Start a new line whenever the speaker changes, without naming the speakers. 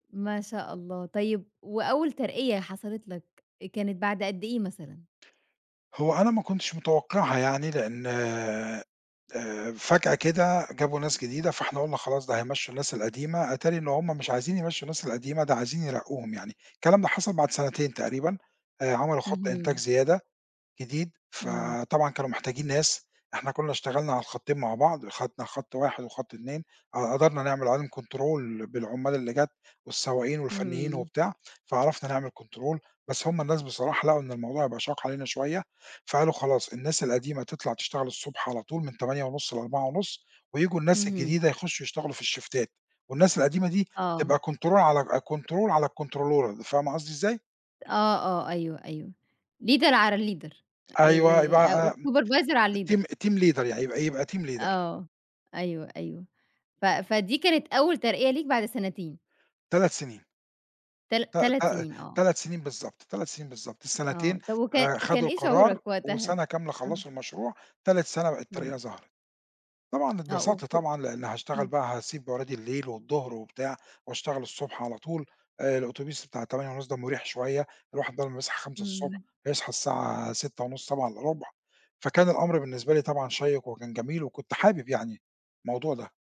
ما شاء الله، طيب وأول ترقية حصلت لك، كانت بعد قد إيه مثلًا؟
هو أنا ما كنتش متوقعها يعني، لإن آآ، فجأة كده جابوا ناس جديدة، فاحنا قلنا خلاص ده هيمشوا الناس القديمة، اتاري إن هُم مش عايزين يمشّوا الناس القديمة ده عايزين يرقوهم يعني، الكلام ده حصل بعد سنتين تقريبًا آآ، عملوا خط إنتاج
اهم.
زيادة جديد
إمم.
فطبعًا كانوا محتاجين ناس، إحنا كنا اشتغلنا على الخطّين مع بعض وخدنا خط 1 وخط 2 ق قدرنا نعمل عليهم control بالعمّال اللي جات والسواقين والفنيين
اهم.
وبتاع فعرفنا نعمل control بس هُم الناس بصراحة لقوا إن الموضوع بقى شاق علينا شوية، فقالوا خلاص الناس القديمة تطلع تشتغل الصبح على طول من 08:30 ل16:30 وييجوا الناس
اهم.
الجديدة يخشّوا يشتغلوا في الشيفتات والناس القديمة دي
آه.
تبقى control على أج control على الcontrol فاهمة قصدي إزاي؟
آه، آه أيوه، أيوه leader على leader
أيوه يبقى
آآ أو
أم
الsupervisor على
الteam
الleader.
الteam leader يعني يبقى يبقى team leader.
آه أيوه، أيوه ف فدي كانت أول ترقية ليك بعد سنتين.
3 سنين.
تلات
ت
تلات
ت
سنين آه.
تلات سنين بالضبط، 3 سنين بالضبط، السنتين
آه طَب وكا أ
آآ،
كان
خدوا
إيه
القرار
شعورك وقتها؟
وسَنة كاملة
أها.
خلّصوا المشروع، تالت سَنة بقى الترقية
إمم.
ظهرت. طبعًا
آه و
اتبسطت
و
طبعًا، لإن هاشتغل
إمم.
بقى هاسيب ورادي الليل والضهر وبتاع واشتغل الصبح على طول آآ، الأوتوبيس بتاع 08:30 ده مريح شوية الواحد بدل ما يصحى 5:00 ص
إمم.
هيصحى الساعة 06:30 06:45 فكان الأمر بالنسبة لي طبعًا شيّق وكان جميل وكنت حابب يعني الموضوع ده.